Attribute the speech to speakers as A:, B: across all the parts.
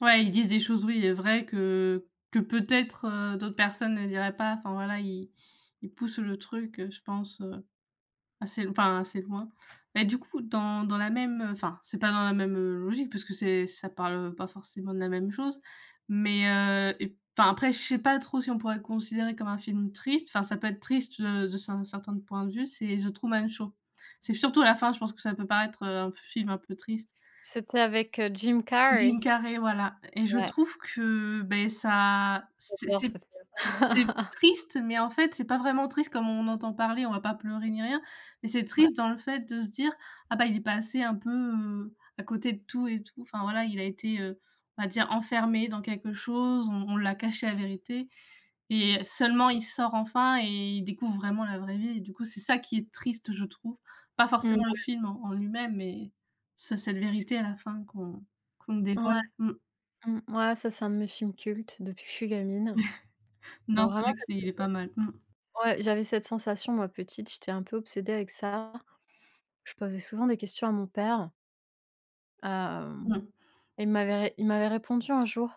A: Ouais, ils disent des choses oui, heu, vraies que que, peut-être, heu, d'autres personnes ne diraient pas. Enfin, voilà, ils ils poussent le truc, heu, je pense, heu, assez l enfin, assez loin et du coup, dans dans la même, heu enfin, c'est pas dans la même, heu, logique parce que c'est ça parle, heu, pas forcément de la même chose. Mais heu et p enfin, après, je sais pas trop si on pourrait le considérer comme un film triste. Enfin, ça peut être triste, heu, de cer certains points de vue, c'est The Truman Show. C'est surtout à la fin, je pense que ça peut paraître, heu, un film un peu triste.
B: C'était avec, heu, Jim
A: Jim
B: Carrey.
A: Carrey, voilà et je
B: Ouais.
A: trouve que, beh, ça c'est
B: J'adore
A: c'est
B: cette œuvre.
A: c'est triste, mais en fait, c'est pas vraiment triste comme on en entend parler. On va pas pleurer, ni rien. Mais c'est
B: Ouais.
A: triste dans le fait de se dire: «Ah, bah, il est passé un peu, heu, à côté de tout et tout». Enfin, voilà, il a été, heu, on va dire «enfermé dans quelque chose». On on l'a caché la vérité et seulement, il sort enfin et il découvre vraiment la vraie vie et du coup, c'est ça qui est triste, je trouve. Pas
B: Mmh.
A: forcément le film en en lui-même mais sur cette vérité à la fin qu'on qu'on
B: Ouais,
A: dévoile. Mmh.
B: mmh ouais, ça, c'est un de mes films cultes depuis que je suis gamine. Bah,
A: Non, c'est vrai
B: vraiment
A: que
B: parce que,
A: c'est pas mal. Mmh.
B: heu ouais, j'avais cette sensation, moi, petite. J'étais un peu obsédée avec ça. Je posais souvent des questions à mon père. Hem,
A: Mmh.
B: il m'avait ré il m'avait répondu un jour.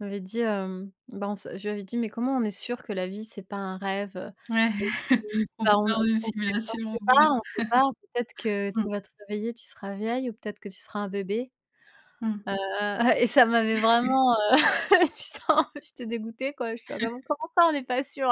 B: Il m'avait dit: «Hem, bah on s», je lui avais dit: «Mais comment on est sûr que la vie, c'est pas un rêve?», heu,
A: Ouais,
B: et il me dit:
A: on
B: «Ça, on
A: parle d'une
B: s on sait on
A: simulation,
B: sait
A: oui.
B: pas, on sait pas. Peut-être que tu
A: Mmh.
B: vas te réveiller, tu seras vieille ou peut-être que tu seras un bébé».
A: Mmh.
B: Heu et ça m'avait vraiment, heu, j'étais un j'étais dégoûtée quoi, j'étais: «Bah comment ça, on n'est pas sûr?»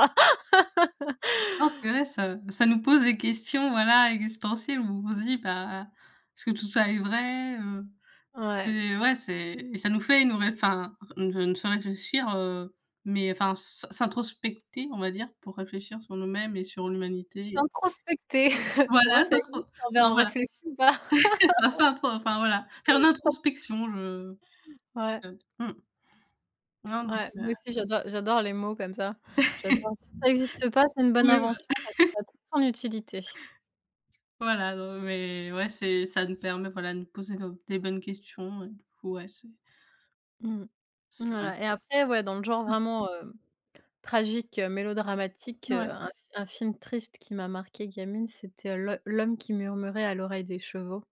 A: Oh, c'est vrai, ça ça nous pose des questions, voilà, existentielles, où on se dit: «Bah, ah, est-ce que tout ça est vrai?», heu
B: Ouais.
A: heu, ouais, c'est et ça nous fait nous ré enfin, ré ça nous fait réfléchir, heu mais enfin, s'in s'introspecter, on va dire, pour réfléchir sur nous-mêmes et sur l'Humanité.
B: S'introspecter? C'est vrai,
A: Voilà,
B: ça existe?
A: s'introp
B: En verbe
A: enfin, voilà.
B: réfléchi ou pas?
A: Là s'introf enfin voilà. Faire l'introspection je
B: Ouais.
A: je mmh. Non donc
B: Ouais,
A: heu
B: moi aussi, j'adore j'adore les mots comme ça. J'adore. Ça existe pas, c'est une bonne
A: Oui,
B: invention
A: bah
B: parce que ça a toute son utilité.
A: Voilà, non mais ouais, c'est ça nous permet, voilà, de nous poser nos des bonnes questions et du coup, ouais, c'est
B: Mmh.
A: c'est vrai.
B: Voilà et après, ouais, dans le genre
A: Mmh.
B: vraiment, hem, tragique, heu, mélodramatique, heu,
A: Ouais.
B: un f un film triste qui m'a marqué gamine, c'était L'Ho L’Homme qui murmurait à l’oreille des chevaux.